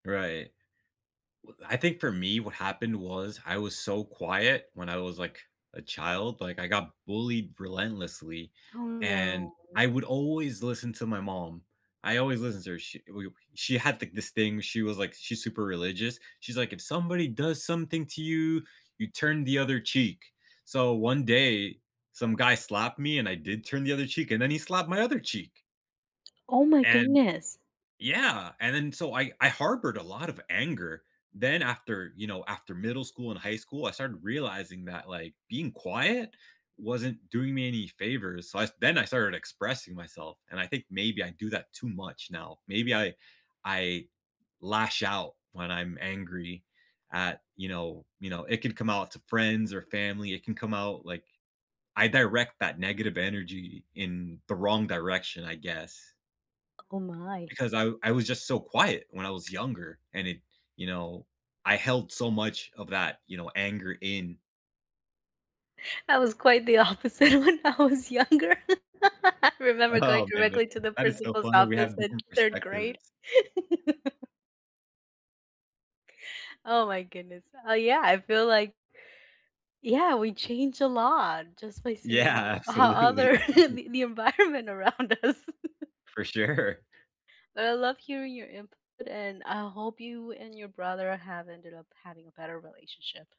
Right. W I think for me, what happened was, I was so quiet when I was, like, a child, like, I got bullied relentlessly, Oh, and no. I would always listen to my mom. I always listened to her. She, eh, w uh, she had thi this thing, she was like she's super religious. She's like, "If somebody does something to you, you turn the other cheek." So one day, some guy slapped me and I did turn the other cheek and then he slapped my other cheek! Oh, my And goodness. yeah, and then so I I harbored a lot of anger. Then after you know, after middle school and high school, I started realizing that, like, being quiet wasn't doing me any favors. So, I s then I started expressing myself and I think maybe I do that too much now. Maybe I I lash out when I'm angry at, you know, you know, it can come out to friends or family. It can come out, like I direct that negative energy in the wrong direction, I guess. Oh my. Because I I was just so quiet when I was younger and it you know, I held so much of that, you know, anger in. I was quite the opposite when I was younger. I remember going Oh, man. directly to the That is so principal's funny. We office have in different 3rd perspectives. grade. Oh my goodness. Uh, yeah, I feel, like Yeah, we change a lot just by Yeah, seeing how absolutely. other the the environment around us For sure. But I love hearing your input, and I hope you and your brother have ended up having a better relationship.